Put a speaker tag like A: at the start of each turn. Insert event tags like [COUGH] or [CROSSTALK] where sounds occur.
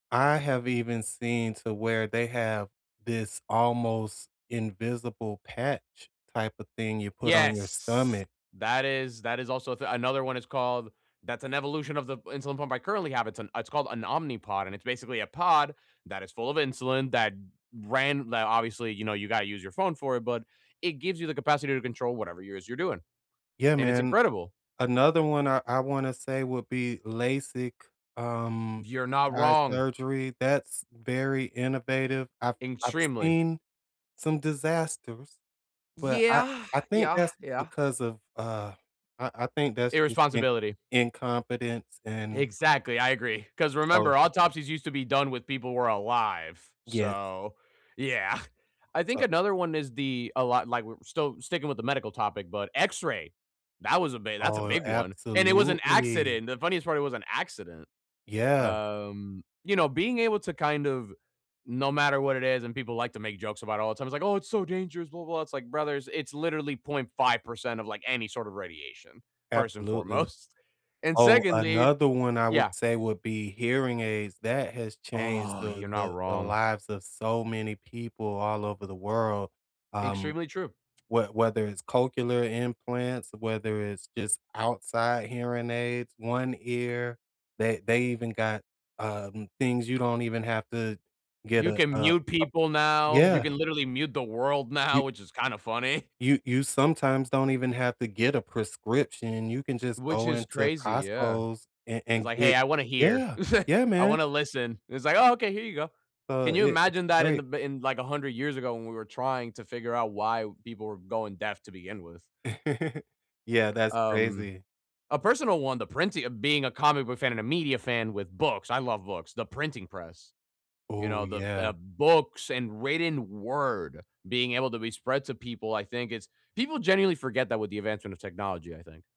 A: I have even seen to where they have this almost invisible patch type of thing you put on your
B: Yes.
A: stomach.
B: That is, that is also th another one, it's called, that's an evolution of the insulin pump I currently have. It's an it's called an Omnipod and it's basically a pod that is full of insulin that ran that obviously, you know, you gotta use your phone for it, but it gives you the capacity to control whatever it is you're doing.
A: Yeah,
B: And it's
A: man.
B: incredible.
A: Another one I I wanna say would be LASIK, um,
B: You're not
A: eye
B: wrong.
A: surgery. That's very innovative. I've I've
B: Extremely.
A: seen some disasters, but I
B: Yeah.
A: I think
B: Yeah.
A: that's
B: Yeah.
A: because of, uh, I I think that's just in
B: Irresponsibility.
A: incompetence and
B: Exactly. I agree, 'cause
A: So
B: remember, autopsies used to be done when people were alive.
A: Yes.
B: So yeah. [CHUCKLES] I think
A: So
B: another one is the a lot like, we're still sticking with the medical topic, but X-ray. That was a big that's a
A: Oh,
B: big one. And it was an
A: absolutely.
B: accident. The funniest part, it was an accident.
A: Yeah.
B: Um, you know, being able to kind of no matter what it is, and people like to make jokes about it all the time, it's like, "Oh, it's so dangerous. Blah blah blah." It's like, "Brothers, it's literally .5% of, like, any sort of radiation, first and
A: Absolutely.
B: foremost. And
A: Oh,
B: secondly"
A: another one I
B: Yeah.
A: would say would be hearing aids. That has changed
B: Oh,
A: the
B: you're not
A: the the
B: wrong.
A: lives of so many people all over the world. Um,
B: Extremely true.
A: whe whether it's cochlear implants, whether it's just outside hearing aids, One Ear, they they even got, um, things you don't even have to get
B: You
A: a
B: can
A: a a
B: mute people now. You
A: Yeah.
B: can literally mute the world now,
A: You
B: which is kind of funny.
A: You you sometimes don't even have to get a prescription. You can just
B: Which
A: go
B: is
A: into
B: crazy. Yeah.
A: Costco's and
B: It's
A: and
B: like, "Hey,
A: get
B: I wanna hear.
A: Yeah.
B: [CHUCKLES]
A: Yeah,
B: I
A: man.
B: wanna listen." It's like, "Oh, okay. Here you go." Can
A: So,
B: you
A: i it's
B: imagine that in the
A: great.
B: b in, like, 100 years ago, when we were trying to figure out why people were going deaf to begin with?
A: [CHUCKLES] Yeah. That's
B: Um,
A: crazy.
B: a personal one, the printing of being a comic book fan and a media fan with books. I love books. The printing press, you
A: Ooh,
B: know, the,
A: yeah.
B: uh, books and written word being able to be spread to people, I think it's people generally forget that with the advancement of technology, I think.